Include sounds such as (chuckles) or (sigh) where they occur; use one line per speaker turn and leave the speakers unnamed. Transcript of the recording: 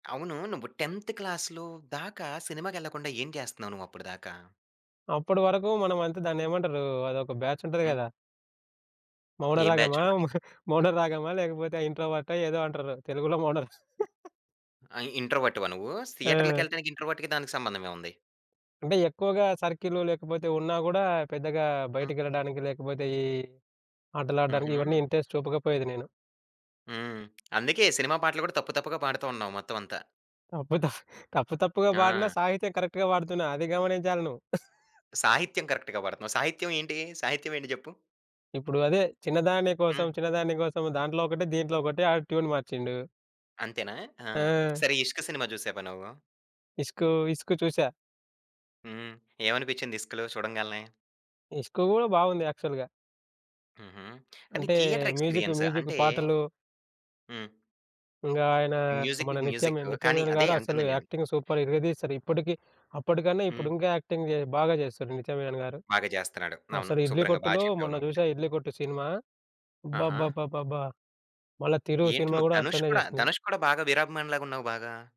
అవును. నువ్వు 10థ్ క్లాస్‌లో దాకా సినిమాకెళ్ళకుండా ఏం చేస్తన్నావు నువ్వు అప్పుడు దాకా?
అప్పటి వరకు మనం అంత దాన్నేమంటారు అదొక బ్యాచ్ ఉంటది
హ్మ్.
గదా!
ఏం బ్యాచ్
మౌనరాగమా
ఉంటది?
(giggles) మ మౌనరాగమా లేకపోతే ఇంట్రోవర్టా ఏదో అంటారు. తెలుగులో మౌనరా (chuckles)
ఆ! ఇంట్రోవర్ట్‌వా నువ్వు?
ఆ!
థియేటర్లకెళ్లాడానికి ఇంట్రోవర్ట్‌కి దానికి సంబంధం ఏముంది?
అంటే ఎక్కువగా సర్కిలు లేకపోతే ఉన్నా గూడా పెద్దగా
హ్మ్.
బయటికెళ్ళడానికి లేకపోతే ఈ ఆటలాడ్డానికి ఇవన్నీ
హుహు.
ఇంట్రెస్ట్ చూపకపోయేది నేను.
హ్మ్. అందుకే సినిమా పాటలు గూడా తప్పు తప్పుగా పాడుతూ ఉన్నావు మొత్తం అంతా.
అప్పుత (chuckles) తప్పు తప్పుగా పాడిన
ఆ!
సాహిత్యం కరెక్ట్‌గా పాడుతున్న అది గమనించాలి నువ్వు. (giggles)
సాహిత్యం కరెక్ట్‌గా పాడతన్నావు. సాహిత్యం ఏంటి? సాహిత్యం ఏంటి జెప్పు?
ఇప్పుడు అదే, చిన్నదాని కోసం,
హ్మ్.
చిన్నదాన్ని కోసం దాంట్లో ఒకటే దీంట్లో ఒకటే ఆడు ట్యూన్ మార్చిండు.
అంతేనా? ఆ!
ఆ!
సరే! 'ఇష్క్' సినిమా జూసావా నువ్వు?
ఇస్కు ఇస్కు చూసా.
హ్మ్. ఏమనిపించింది ఇస్కులో చూడంగాల్నే.
ఇస్కు గూడా బాగుంది యాక్చువల్‌గా.
హుహు. కానీ
అంటే,
థియేటర్
మ్యూజిక్
ఎక్స్‌పీ‌రి‌యన్స్
మ్యూజిక్
అంటే
పాటలు
హ్మ్.
ఇంగా ఆయన
మ్యూజిక్‌కి
మన నిత్యమి
మ్యూజిక్
నిత్య
కానీ
మీనన్‌
అదే
గారు అసలు
అంటంది నేను.
యాక్టింగ్ సూపర్ ఇరగదీశారు. ఇప్పటికి అప్పటికన్నా ఇప్పుడు
హ్మ్.
ఇంకా యాక్టింగ్ బాగా చేస్తున్నారు నిత్య మీనన్‌ గారు.
బాగా జేస్తన్నాడు. అవును.
అసలు ఇడ్లీ
శుభ్రంగా బాగా
కొట్టులో
చెప్పావు
మొన్న
నువ్వు ముందే.
జూసా 'ఇడ్లీ కొట్టు' సినిమా
ఆహా!
అబ్బబ్బబ్బబ్బా! మళ్ళా తిరు
ఏంటి
సినిమా
నువ్వు
కూడా
ధనుష్
అట్లనే
కూడా
చేసింది.
ధనుష్ కూడా బాగా వీరాభిమాని‌లాగా ఉన్నావు బాగా.